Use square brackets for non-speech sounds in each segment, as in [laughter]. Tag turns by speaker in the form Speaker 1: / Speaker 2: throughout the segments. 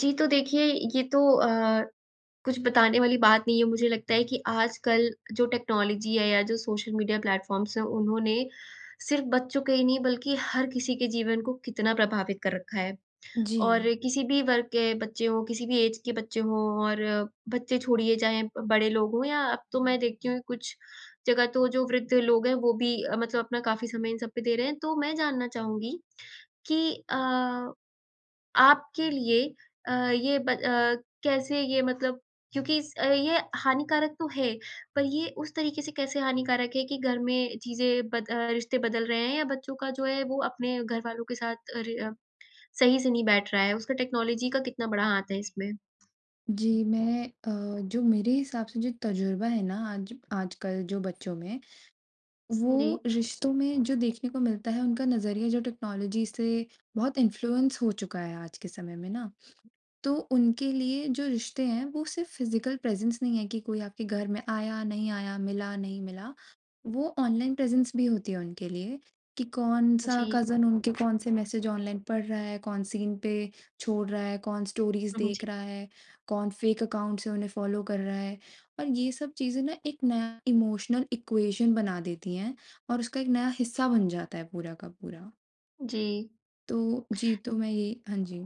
Speaker 1: जी, तो देखिए, ये तो अ, कुछ बताने वाली बात नहीं है। मुझे लगता है कि आजकल जो टेक्नोलॉजी है या जो सोशल मीडिया प्लेटफॉर्म्स हैं, उन्होंने सिर्फ बच्चों के ही नहीं बल्कि हर किसी के जीवन को कितना प्रभावित कर रखा है। और
Speaker 2: जी।
Speaker 1: किसी भी वर्ग के बच्चे हों, किसी भी एज के बच्चे हों, और बच्चे छोड़िए चाहे अ, बड़े लोग हों, या अब तो मैं देखती हूँ कुछ जगह तो जो वृद्ध लोग हैं, वो भी अ, मतलब अपना काफ़ी समय इन सब पे दे रहे हैं। तो मैं जानना चाहूँगी कि अ, आपके लिए अ, ये ब अ, कैसे ये मतलब क्योंकि स ये हानिकारक तो है, पर ये उस तरीके से कैसे हानिकारक है कि घर में चीज़ें बद अ, रिश्ते बदल रहे हैं, या बच्चों का जो है, वो अपने घरवालों के साथ रे अ, सही से नहीं बैठ रहा है? उसका टेक्नॉलॉजी का कितना बड़ा हाथ है इसमें?
Speaker 2: जी। मैं अ, जो मेरे हिसाब से जो तज़ुर्बा है ना आज आजकल जो बच्चों में, वो
Speaker 1: जी।
Speaker 2: रिश्तों में जो देखने को मिलता है, उनका नज़रिया जो टेक्नोलॉजी से बहुत इन्फ्लुएंस हो चुका है आज के समय में ना। तो उनके लिए जो रिश्ते हैं, वो सिर्फ़ फ़िज़िकल प्रेज़ेंस नहीं है कि कोई आपके घर में आया, नहीं आया, मिला, नहीं मिला। वो ऑनलाइन प्रेज़ेंस भी होती है उनके लिए, कि कौन-सा
Speaker 1: जी।
Speaker 2: कज़न उनके कौन से मैसेज ऑनलाइन पढ़ रहा है, कौन सीन पे छोड़ रहा है, कौन स्टोरीज़
Speaker 1: उहुँ। जी।
Speaker 2: देख रहा है, कौन फ़ेक अकाउंट से उन्हें फॉलो कर रहा है। और ये सब चीज़ें ना एक नया इमोशनल इक्वेशन बना देती हैं, और उसका एक नया हिस्सा बन जाता है पूरा का पूरा।
Speaker 1: जी।
Speaker 2: तो जी, तो मैं ये हाँ जी।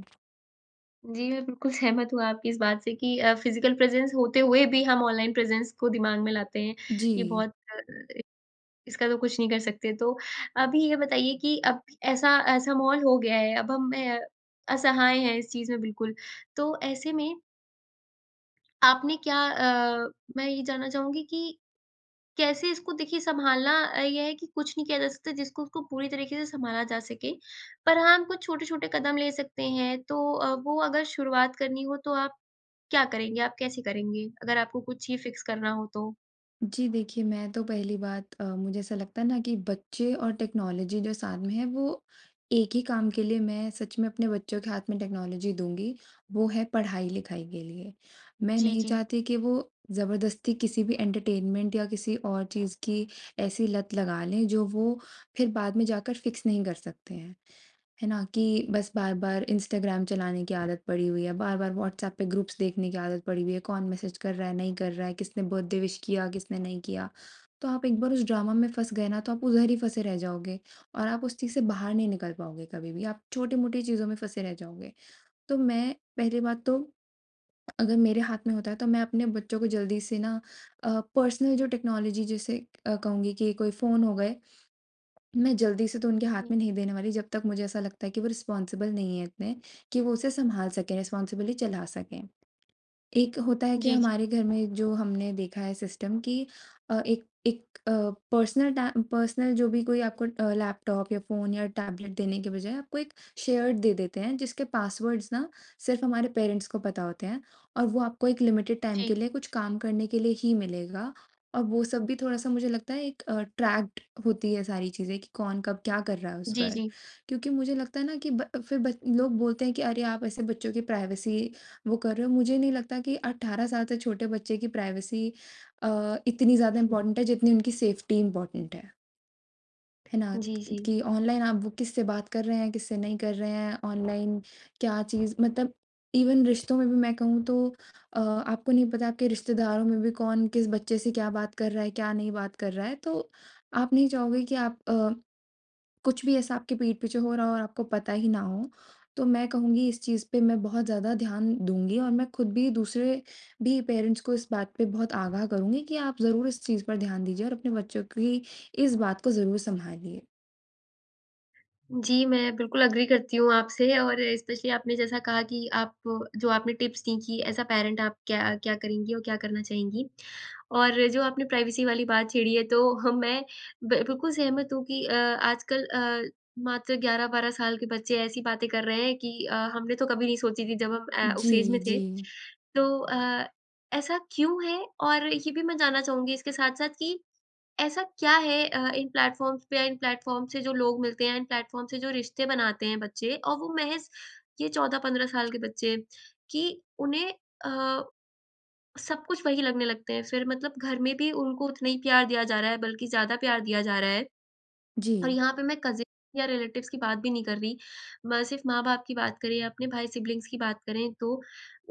Speaker 1: जी मैं बिल्कुल सहमत हूँ आपकी इस बात से कि अ, फिज़िकल प्रेजेंस होते हुए भी हम ऑनलाइन प्रेजेंस को दिमाग में लाते हैं। ये
Speaker 2: जी।
Speaker 1: बहुत अ, [unintelligible] इसका तो कुछ नहीं कर सकते। तो, अभी ये बताइए कि अब ऐसा ऐसा माहोल हो गया है अब हम अ, असहाय हैं इस चीज़ में बिल्कुल। तो ऐसे में आपने क्या अ मैं ये जानना चाहूँगी कि कैसे इसको देखिए संभालना अ, ये है कि कुछ नहीं किया जा सकता जिसको उसको पूरी तरीके से संभाला जा सके। पर हाँ, हम कुछ छोटे-छोटे कदम ले सकते हैं। तो अ, वो अगर शुरुआत करनी हो तो आप क्या करेंगे? आप कैसे करेंगे अगर आपको कुछ ही फिक्स करना हो तो?
Speaker 2: जी देखिए मैं तो पहली बात अ, मुझे ऐसा लगता है ना कि बच्चे और टेक्नोलॉजी जो सामने है वो एक ही काम के लिए मैं सच में अपने बच्चों के हाथ में टेक्नोलॉजी दूँगी, वो है पढ़ाई-लिखाई के लिए। मैं
Speaker 1: जी,
Speaker 2: नहीं
Speaker 1: जी।
Speaker 2: चाहती कि वो ज़बरदस्ती किसी भी एंटरटेनमेंट या किसी और चीज़ की ऐसी लत लगा लें जो वो फिर बाद में जाकर फिक्स नहीं कर सकते हैं, है ना? कि बस बार-बार इंस्टाग्राम चलाने की आदत पड़ी हुई है, बार-बार वॉट्सऐप पे ग्रुप्स देखने की आदत पड़ी हुई है, कौन मैसेज कर रहा है, नहीं कर रहा है, किसने बर्थडे विश किया, किसने नहीं किया। तो आप एक बार उस ड्रामा में फँस गए ना तो आप उधर ही फँसे रह जाओगे और आप उस चीज़ से बाहर नहीं निकल पाओगे कभी भी। आप छोटी-मोटी चीज़ों में फँसे रह जाओगे। तो मैं पहली बात तो अगर मेरे हाथ में होता है तो मैं अपने बच्चों को जल्दी से ना अ, पर्सनल जो टेक्नोलॉजी जैसे कहूँगी की कोई फ़ोन हो गए, मैं जल्दी से तो उनके हाथ
Speaker 1: हुँ।
Speaker 2: में नहीं देने वाली जब तक मुझे ऐसा लगता है कि वो रिस्पोंसिबल नहीं है इतने कि वो उसे संभाल सकें, रिस्पोंसिबली चला सकें। एक होता है कि
Speaker 1: जी, जी।
Speaker 2: हमारे घर में जो हमने देखा है सिस्टम की अ, एक एक अ, पर्सनल टै पर्सनल जो भी कोई आपको अ, लैपटॉप या फ़ोन या टैबलेट देने के बजाए आपको एक शेयर्ड दे देते हैं, जिसके पासवर्ड्स ना सिर्फ़ हमारे पेरेंट्स को पता होते हैं और वो आपको एक लिमिटेड टाइम के
Speaker 1: जी।
Speaker 2: लिए कुछ काम करने के लिए ही मिलेगा। और वो सब भी थोड़ा-सा मुझे लगता है एक ट्रैक्ड होती है सारी चीज़ें, कि कौन कब क्या कर रहा है उस
Speaker 1: जी,
Speaker 2: पर।
Speaker 1: जी।
Speaker 2: क्यूँकि मुझे लगता है ना कि ब फिर लोग बोलते हैं कि, "अरे! आप ऐसे बच्चों की प्राइवेसी वो कर रहे हो।" मुझे नहीं लगता कि 18 साल से छोटे बच्चे की प्राइवेसी अ, इतनी ज़्यादा
Speaker 1: हुँ।
Speaker 2: इम्पोर्टेंट है जितनी उनकी सेफ्टी इम्पोर्टेंट है। है ना?
Speaker 1: जी, जी।
Speaker 2: कि ऑनलाइन आप वो किससे बात कर रहे हैं किससे नहीं कर रहे हैं? ऑनलाइन, क्या चीज़? मतलब इवेन रिश्तों में भी मैं कहूँ तो अ, आपको नहीं पता आपके रिश्तेदारों में भी कौन किस बच्चे से क्या बात कर रहा है, क्या नहीं बात कर रहा है तो आप नहीं चाहोगे कि आप अ, कुछ भी ऐसा आपके पीठ पीछे हो रहा हो और आपको पता ही ना हो। तो मैं कहूँगी इस चीज़ पे मैं बहुत ज़्यादा ध्यान दूँगी और मैं खुद भी दूसरे भी पेरेंट्स को इस बात पे बहुत आगाह करूँगी कि आप ज़रूर इस चीज़ पर ध्यान दीजिए और अपने बच्चों की इस बात को ज़रूर सँभालिए।
Speaker 1: जी मैं बिल्कुल अग्री करती हूँ आपसे और स्पेशली आपने जैसा कहा कि आप जो आपने टिप्स दीं कि एज़ अ पैरेंट आप क्या अ, क्या करेंगी और क्या करना चाहेंगी। और जो आपने प्राइवेसी वाली बात छेड़ी है तो [chuckles] मैं ब बिल्कुल सहमत हूँ कि अ, आजकल अ, मात्र 11-12 साल के बच्चे ऐसी बातें कर रहे हैं कि अ, हमने तो कभी नहीं सोची थी जब ए, हम उस एज में
Speaker 2: जी,
Speaker 1: थे।
Speaker 2: जी।
Speaker 1: तो अ, ऐसा क्यों है? और ये भी मैं जानना चाहूँगी इसके साथ-साथ कि ऐसा क्या है अ, इन प्लेटफॉर्म्स पे या इन प्लेटफॉर्म्स से जो लोग मिलते हैं, इन प्लेटफॉर्म से जो रिश्ते बनाते हैं बच्चे और वो महज़ ये 14-15 साल के बच्चे कि उन्हें अ, सब कुछ वही लगने लगते हैं फिर मतलब घर में भी उनको उतना ही प्यार दिया जा रहा है बल्कि ज़्यादा प्यार दिया जा रहा है। और
Speaker 2: जी।
Speaker 1: यहाँ पर मैं कज़िन या रिलेटिवज़ की बात भी नहीं कर रही। म सिर्फ़ माँ-बाप की बात करें या अपने भाई सिबलिंग्स की बात करें तो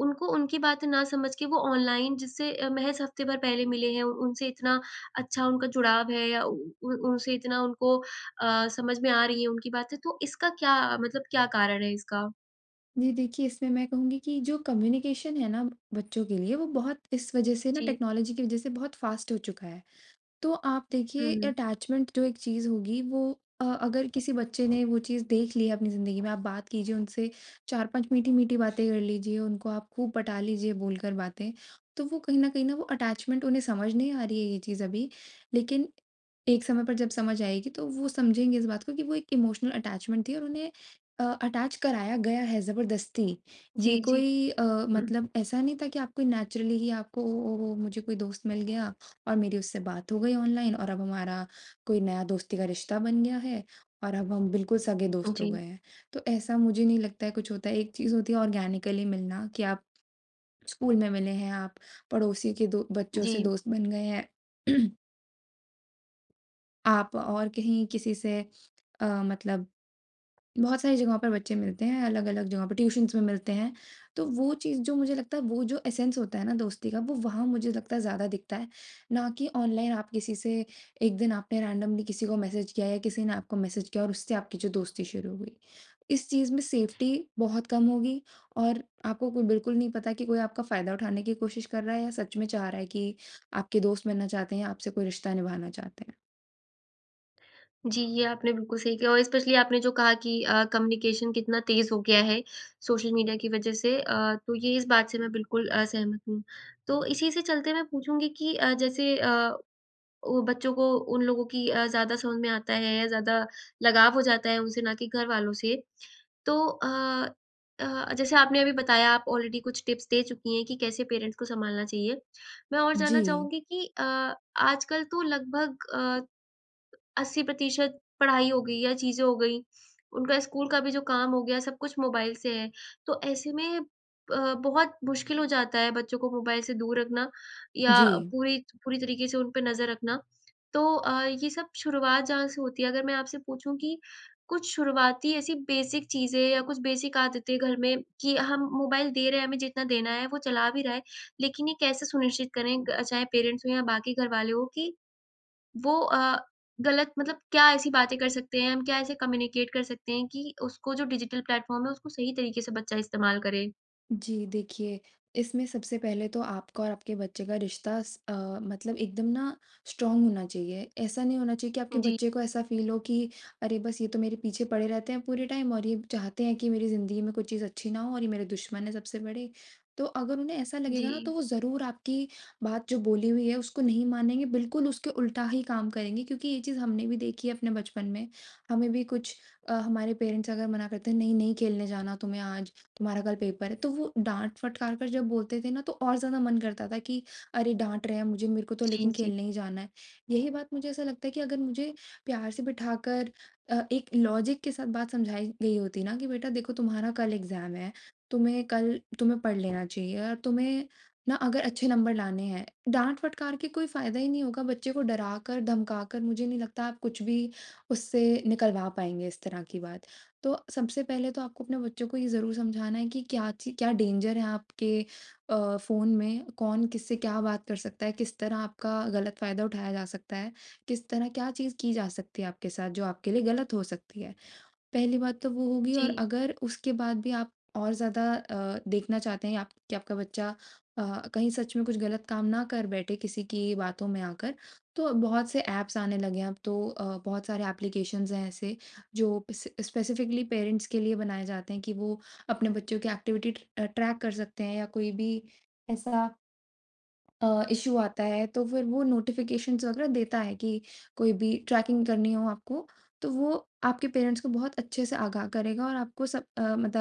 Speaker 1: उनको उनकी बातें ना समझ के वो ऑनलाइन जिससे अ, महज़ हफ्ते भर पहले मिले हैं। उ उनसे इतना अच्छा उनका जुड़ाव है या उ उ उन उनसे इतना उनको अ, समझ में आ रही है उनकी बातें। तो इसका क्या अ, मतलब क्या कारण है इसका?
Speaker 2: जी देखिए, इसमें मैं कहूँगी कि जो कम्युनिकेशन है ना बच्चों के लिए वो बहुत इस वजह से ना
Speaker 1: जी।
Speaker 2: टेक्नोलॉजी की वजह से बहुत फ़ास्ट हो चुका है। तो आप देखिए
Speaker 1: हुँ।
Speaker 2: अटैचमेंट जो एक चीज़ होगी वो अ, अगर किसी बच्चे ने वो चीज़ देख ली है अपनी ज़िंदगी में। आप बात कीजिए उनसे चार-पाँच मीठी-मीठी बातें कर लीजिए उनको आप खूब पटा लीजिए बोलकर बातें। तो वो कहीं न कहीं ना वो अटैचमेंट उन्हें समझ नहीं आ रही है ये चीज़ अभी। लेकिन एक समय पर जब समझ आएगी तो वो समझेंगे इस बात को कि वो एक इमोशनल अटैचमेंट थी और उन्हें अ अटैच कराया गया है ज़बरदस्ती। ये
Speaker 1: जी, जी।
Speaker 2: कोई अ,
Speaker 1: हुँ।
Speaker 2: मतलब ऐसा नहीं था कि आपको नेचुरली ही आपको वो ओहो मुझे कोई दोस्त मिल गया और मेरी उससे बात हो गई ऑनलाइन और अब हमारा कोई नया दोस्ती का रिश्ता बन गया है और अब हम बिल्कुल सगे दोस्त हो
Speaker 1: जी।
Speaker 2: गए हैं। तो ऐसा मुझे नहीं लगता है कुछ होता है एक चीज़ होती है ऑर्गेनिकली मिलना कि आप ऑर्गेनिकली स्कूल में मिले हैं आप पड़ोसी के दो बच्चों से
Speaker 1: जी।
Speaker 2: दोस्त बन गए हैं। [clears throat] आप और कहीं किसी से अ, मतलब बहुत सारी जगहों पर बच्चे मिलते हैं अलग-अलग जगहों पे ट्यूशन्स में मिलते हैं। तो वो चीज़ जो मुझे लगता है वो जो एसेंस होता है ना दोस्ती का वो वहाँ मुझे लगता है ज़्यादा दिखता है। ना कि ऑनलाइन आप किसी से एक दिन आपने रैंडमली किसी को मैसेज किया या किसी ने आपको मैसेज किया और उससे आपकी जो दोस्ती शुरू हो गई। इस चीज़ में सेफ्टी बहुत कम होगी और आपको को बिल्कुल नहीं पता कि कोई आपका फ़ायदा उठाने की कोशिश कर रहा है या सच में चाह रहा है कि आपके दोस्त बनना चाहते हैं या आपसे कोई रिश्ता निभाना चाहते हैं।
Speaker 1: जी, ये आपने बिल्कुल सही किया और एस्पेशली आपने जो कहा कि अ, कम्युनिकेशन कितना तेज़ हो गया है सोशल मीडिया की वज़ह से। अ, तो ये इस बात से मैं बिल्कुल अ, सहमत हूँ। तो इसी से चलते मैं पूछूँगी कि अ, जैसे अ, वो बच्चों को उन लोगों की अ, ज़्यादा समझ में आता है या ज़्यादा लगाव हो जाता है उनसे ना कि घरवालों से। तो अ, अ, जैसे आपने अभी बताया आप ऑलरेडी कुछ टिप्स दे चुकी हैं कि कैसे पेरेंट्स को संभालना चाहिए। मैं और जानना
Speaker 2: जी।
Speaker 1: चाहूँगी कि अ, आजकल तो लगभग अ, 80% पढ़ाई हो गई या चीज़ें हो गई उनका स्कूल का भी जो काम हो गया, सब कुछ मोबाइल से है। तो ऐसे में अ, बहुत मुश्किल हो जाता है बच्चों को मोबाइल से दूर रखना या
Speaker 2: जी।
Speaker 1: पूरी त पूरी तरीके से उन पे नज़र रखना। तो अ, ये सब शुरुआत जहाँ से होती है अगर मैं आपसे पूछूँ कि कुछ शुरुआती ऐसी बेसिक चीज़ें या कुछ बेसिक आदतें घर में कि हम मोबाइल दे रहे हैं, हमें जितना देना है वो चला भी रहा है, लेकिन ये कैसे सुनिश्चित करें ग चाहे पेरेंट्स हो या बाकी घरवाले हो कि वो अ, गलत मतलब क्या ऐसी बातें कर सकते हैं? हम क्या ऐसे कम्युनिकेट कर सकते हैं कि उसको जो डिजिटल प्लेटफॉर्म है उसको सही तरीके से बच्चा इस्तेमाल करे?
Speaker 2: जी देखिए, इसमें सबसे पहले तो आपका और आपके बच्चे का रिश्ता स अ, मतलब एकदम ना स्ट्रॉन्ग होना चाहिए। ऐसा नहीं होना चाहिए कि आपके
Speaker 1: जी।
Speaker 2: बच्चे को ऐसा फील हो कि, "अरे बस ये तो मेरे पीछे पड़े रहते हैं पूरे टाइम और ये चाहते हैं कि मेरी ज़िंदगी में कोई चीज़ अच्छी ना हो, और ये मेरे दुश्मन है सबसे बड़े।" तो अगर उन्हें ऐसा लगेगा ना
Speaker 1: जी।
Speaker 2: तो वो ज़रूर आपकी बात जो बोली हुई है उसको नहीं मानेंगे बिल्कुल उसके उल्टा ही काम करेंगे। क्योंकि ये चीज़ हमने देखी है अपने बचपन में। हमें भी कुछ अ, हमारे पेरेंट्स अगर मना करते हैं, "नहीं, नहीं खेलने जाना तुम्हें आज, तुम्हारा कल पेपर है।" तो वो डाँट-फटकार कर जब बोलते थे ना तो और ज़्यादा मन करता था कि अरे डाँट रहे हैं मुझे मेरे को तो
Speaker 1: जी,
Speaker 2: लेकिन
Speaker 1: जी।
Speaker 2: खेलने ही जाना है। यही बात मुझे ऐसा लगता है कि अगर मुझे प्यार से बिठाकर अ, एक लॉजिक के साथ बात समझाई गई होती ना, कि, "बेटा देखो तुम्हारा कल एग्ज़ाम है, तुम्हें कल तुम्हें पढ़ लेना चाहिए, या तुम्हें ना अगर अच्छे नंबर लाने हैं" डाँट-फटकार के कोई फ़ायदा ही नहीं होगा। बच्चे को डराकर-धमकाकर मुझे नहीं लगता आप कुछ भी उससे निकलवा पाएँगे इस तरह की बात। तो सबसे पहले तो आपको अपने बच्चों को ये ज़रूर समझाना है कि क्या ची क्या डेंजर है आपके अ, फ़ोन में कौन किससे क्या बात कर सकता है। किस तरह आपका गलत फ़ायदा उठाया जा सकता है। किस तरह क्या चीज़ की जा सकती है आपके साथ जो आपके लिए गलत हो सकती है। पहली बात तो वो होगी और
Speaker 1: जी।
Speaker 2: अगर उसके बाद भी आप और ज़्यादा अ, देखना चाहते हैं आप कि आपका बच्चा अ, कहीं सच में कुछ गलत काम ना कर बैठे किसी की बातों में आकर। तो बहुत से एप्स आने लगे हैं अब तो अ, बहुत सारे एप्लीकेशंस हैं ऐसे जो पस अ, स्पेसिफिकली पेरेंट्स के लिए बनाए जाते हैं कि वो अपने बच्चों की एक्टिविटी अ, ट्रैक कर सकते हैं या कोई भी ऐसा अ, इश्यू आता है तो फ़िर वो नोटिफिकेशंस वगैरह देता है, कि कोई भी ट्रैकिंग करनी हो आपको तो वो आपके पेरेंट्स को बहुत अच्छे से आगाह करेगा और आपको सब अ, मत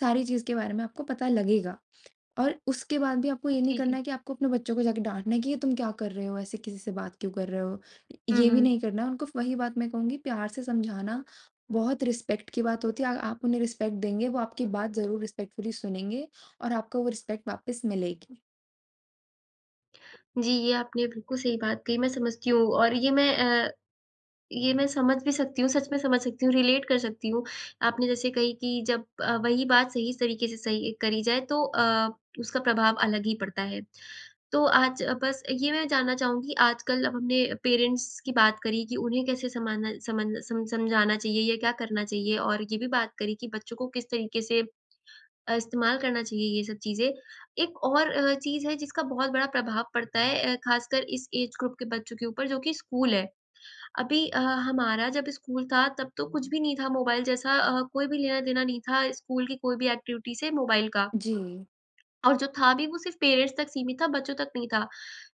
Speaker 2: सारी चीज़ के बारे में आपको पता लगेगा। और उसके बाद भी आपको ये नहीं
Speaker 1: जी,
Speaker 2: करना
Speaker 1: जी।
Speaker 2: है कि आपको अपने बच्चों को जाके डाँटना है कि, "ये तुम क्या कर रहे हो? ऐसे किसी से बात क्यों कर रहे हो?"
Speaker 1: हुँ,
Speaker 2: ये भी
Speaker 1: हुँ।
Speaker 2: नहीं करना है उनको वही बात मैं कहूँगी प्यार से समझाना बहुत रिस्पेक्ट की बात होती है। आ आप उन्हें रिस्पेक्ट देंगे वो आपकी बात ज़रूर रिस्पेक्टफुली सुनेंगे और आपको वो रिस्पेक्ट वापिस मिलेगी।
Speaker 1: जी ये आपने बिल्कुल सही बात कही। मैं समझती हूँ, और ये मैं अ, ये मैं समझ भी सकती हूँ, सच में समझ सकती हूँ रिलेट कर सकती हूँ। आपने जैसे कही कि जब अ, वही बात सही तरीके से सही करी जाए तो अ, उसका प्रभाव अलग ही पड़ता है। तो आज बस ये मैं जानना चाहूँगी आजकल अब हमने पेरेंट्स की बात करी कि उन्हें कैसे समाना समझना सम समझाना चाहिए या क्या करना चाहिए? और ये भी बात करी कि बच्चों को किस तरीके से अ, इस्तेमाल करना चाहिए ये सब चीज़ें। एक और अ, चीज़ है जिसका बहुत बड़ा प्रभाव पड़ता है अ, खासकर इस ऐज ग्रुप के बच्चों के ऊपर जो कि स्कूल है। अभी ह हमारा जब स्कूल था तब तो कुछ भी नहीं था मोबाइल जैसा अ, कोई भी लेना देना नहीं था स्कूल की कोई भी एक्टिविटी से मोबाइल का।
Speaker 2: जी।
Speaker 1: और जो था भी वो सिर्फ पेरेंट्स तक सीमित था बच्चों तक नहीं था।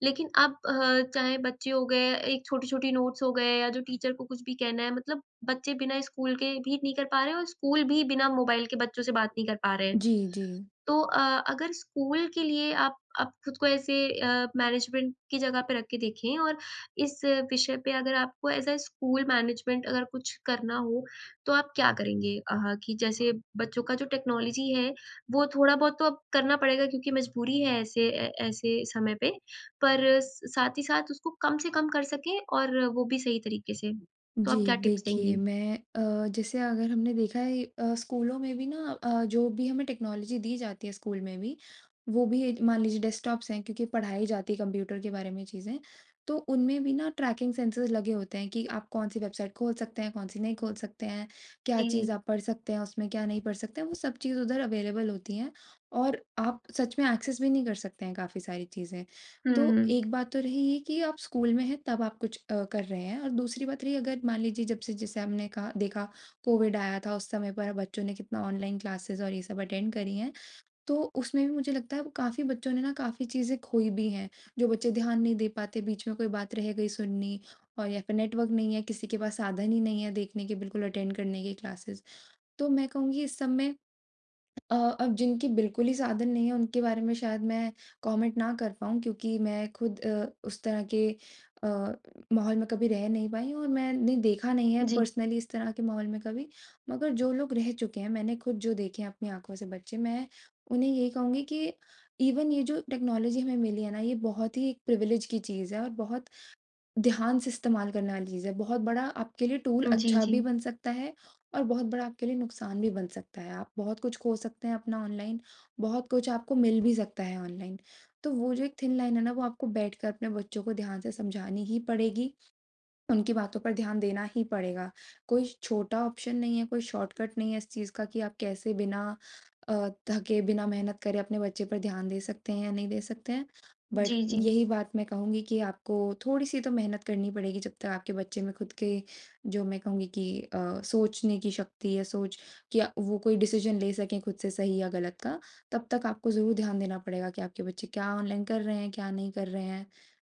Speaker 1: लेकिन अब अ, चाहे बच्चे हो गए, एक छोटी-छोटी नोट्स हो गए या जो टीचर को कुछ भी कहना है, मतलब बच्चे बिना स्कूल के भी नहीं कर पा रहे हैं और स्कूल भी बिना मोबाइल के बच्चों से बात नहीं कर पा रहे हैं।
Speaker 2: जी, जी।
Speaker 1: तो अ, अगर स्कूल के लिए आप आप खुद को ऐसे अ, मैनेजमेंट की जगह पर रख के देखें, और इस विषय पे अगर आपको एज़ अ, स्कूल मैनेजमेंट अगर कुछ करना हो तो आप क्या करेंगे? अह, कि जैसे बच्चों का जो टेक्नोलॉजी है वो थोड़ा बहुत तो अब करना पड़ेगा क्योंकि मजबूरी है ऐसे ए ऐसे समय पे। पर साथ ही साथ उसको कम से कम कर सकें, और वो भी सही तरीके से, तो आप
Speaker 2: जी
Speaker 1: क्या टिप्स
Speaker 2: देखिए
Speaker 1: देंगी?
Speaker 2: मैं अ, जैसे अगर हमने देखा है अ, स्कूलों में भी ना अ, जो भी हमें टेक्नोलॉजी दी जाती है स्कूल में भी, वो भी मान लीजिए डेस्कटॉप्स हैं, क्योंकि पढ़ाई जाती है कंप्यूटर के बारे में चीज़ें। तो उनमें भी ना ट्रैकिंग सेंसर्स लगे होते हैं, कि आप कौन सी वेबसाइट खोल सकते हैं? कौन सी नहीं खोल सकते हैं? क्या चीज़
Speaker 1: जी।
Speaker 2: आप पढ़ सकते हैं? उसमें क्या नहीं पढ़ सकते हैं? वो सब चीज़ उधर अवेलेबल होती है। और आप सच में एक्सेस भी नहीं कर सकते हैं काफ़ी सारी चीज़ें। तो
Speaker 1: हुँ।
Speaker 2: एक बात तो रही ये कि आप स्कूल में हैं तब आप कुछ कर रहे हैं, और दूसरी बात रही अगर मान लीजिए जब से जैसे हमने कहा देखा कोविड आया था उस समय पर बच्चों ने कितना ऑनलाइन क्लासेस और ये सब अटेंड करी हैं। तो उसमें भी मुझे लगता है वो काफ़ी बच्चों ने ना काफ़ी चीज़ें खोईं भी हैं जो बच्चे ध्यान नहीं दे पाते, बीच में कोई बात रह गई सुननी और या फिर नेटवर्क नहीं है किसी के पास साधन ही नहीं है देखने के बिल्कुल अटेंड करने की क्लासेस। तो मैं कहूँगी इस सब में अ, अब जिनके बिल्कुल ही साधन नहीं है उनके बारे में शायद मैं कॉमेंट ना कर पाऊँ क्योंकि मैं खुद अ, उस तरह के अ, माहौल में कभी रह नहीं पाई हूँ और मैंने देखा नहीं है
Speaker 1: जी।
Speaker 2: पर्सनली इस तरह के माहौल में कभी। मगर जो लोग रह चुके हैं मैंने खुद जो देखे हैं अपनी आँखों से बच्चे मैं उन्हें यही कहूँगी कि इवन ये जो टेक्नोलॉजी हमें मिली है ना ये बहुत ही एक प्रिविलेज की चीज़ है और बहुत ध्यान से इस्तेमाल करने वाली चीज़ है। बहुत बड़ा आपके लिए टूल
Speaker 1: जी,
Speaker 2: अच्छा भी
Speaker 1: जी।
Speaker 2: बन सकता है, और बहुत बड़ा आपके लिए नुकसान भी बन सकता है। आप बहुत कुछ खो सकते हैं अपना ऑनलाइन, बहुत कुछ आपको मिल भी सकता है ऑनलाइन। तो वो जो एक थिन लाइन है ना वो आपको बैठकर अपने बच्चों को ध्यान से समझानी ही पड़ेगी। उनकी बातों पर ध्यान देना ही पड़ेगा। कोई छोटा ऑप्शन नहीं है कोई शॉर्टकट नहीं है इस चीज़ का कि आप कैसे बिना अ, थके बिना मेहनत करे अपने बच्चे पर ध्यान दे सकते हैं या नहीं दे सकते हैं। बट
Speaker 1: जी, जी।
Speaker 2: यही बात मैं कहूँगी कि आपको थोड़ी सी तो मेहनत करनी पड़ेगी जब तक आपके बच्चे में खुद के जो मैं कहूँगी कि अ, सोचने की शक्ति या सोच क्या वो कोई डिसिज़न ले सके खुद से सही या गलत का तब तक आपको ज़रूर ध्यान देना पड़ेगा कि आपके बच्चे क्या ऑनलाइन कर रहे हैं? क्या नहीं कर रहे हैं?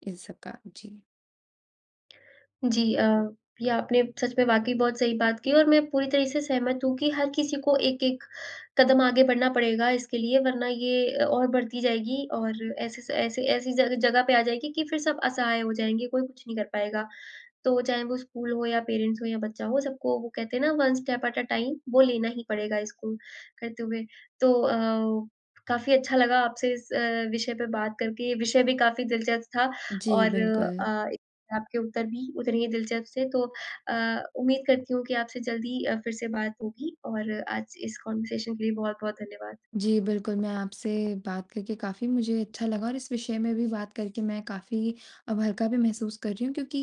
Speaker 2: इन सब का। जी।
Speaker 1: जी। अ, ये आपने सच में वाक़ई बहुत सही बात की है और मैं पूरी तरह से सहमत हूँ कि हर किसी को एक-एक कदम आगे बढ़ना पड़ेगा इसके लिए वरना ये अ, और बढ़ती जाएगी और ऐसे स ऐसी ऐसी सारी जगह पे आ जाएगी कि फिर सब असहाय हो जाएँगे कोई कुछ नहीं कर पाएगा। तो चाहे वो स्कूल हो या पेरेंट्स हो या बच्चा हो सबको वो कहते हैं ना one step at a time. वो लेना ही पड़ेगा इसको, करते हुए। तो अ, काफ़ी अच्छा लगा आपसे इस अ, विषय पे बात करके। विषय भी काफ़ी दिलचस्प था
Speaker 2: जी
Speaker 1: और
Speaker 2: बिल्कुल।
Speaker 1: अ, एक आपके उत्तर भी उतने ही दिलचस्प थे। तो अ, उम्मीद करती हूँ कि आपसे जल्द ही अ, फिर से बात होगी और आज इस कॉन्वर्सेशन के लिए बहुत-बहुत धन्यवाद।
Speaker 2: जी बिल्कुल। मैं आपसे बात करके काफ़ी मुझे अच्छा लगा और इस विषय में भी बात करके मैं काफ़ी अब हल्का भी महसूस कर रही हूँ क्योंकि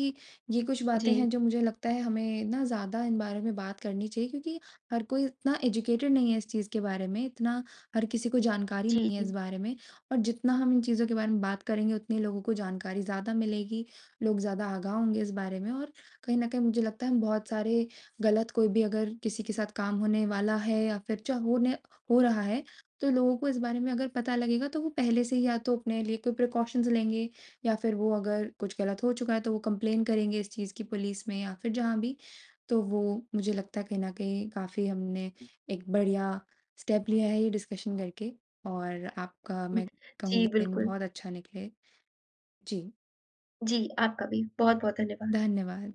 Speaker 2: ये कुछ बातें
Speaker 1: जी।
Speaker 2: हैं जो मुझे लगता है हमें ना ज़्यादा इन बारे में बात करनी चाहिए क्योंकि हर कोई उतना एजुकेटेड नहीं है इस चीज़ के बारे में, इतना हर किसी को जानकारी
Speaker 1: जी,
Speaker 2: नहीं है इस
Speaker 1: जी।
Speaker 2: बारे में। और जितना हम इन चीज़ों के बारे में बात करेंगे उतने ही लोगों को जानकारी ज़्यादा मिलेगी। लोग ज़्यादा आगाह होंगे इस बारे में और कहीं न कहीं मुझे लगता है हम बहुत सारे गलत कोई भी अगर किसी के साथ काम होने वाला है या फिर चा होने हो रहा है। तो लोगों को इस बारे में अगर पता लगेगा तो वो पहले से ही या तो अपने लिए कोई प्रिकॉशन्स लेंगे या फिर वो अगर कुछ गलत हो चुका है तो वो कंप्लेन करेंगे इस चीज़ की पुलिस में या फिर जहाँ भी। तो वो मुझे लगता है कहीं न कहीं काफ़ी हमने
Speaker 1: हुँ।
Speaker 2: एक बढ़िया स्टेप लिया है ये डिस्कशन करके और आपका
Speaker 1: हुँ,
Speaker 2: मैं
Speaker 1: जी
Speaker 2: कहूँगी दिन
Speaker 1: बिल्कुल।
Speaker 2: बहुत अच्छा निकले। जी।
Speaker 1: जी। आपका भी, बहुत-बहुत धन्यवाद।
Speaker 2: धन्यवाद।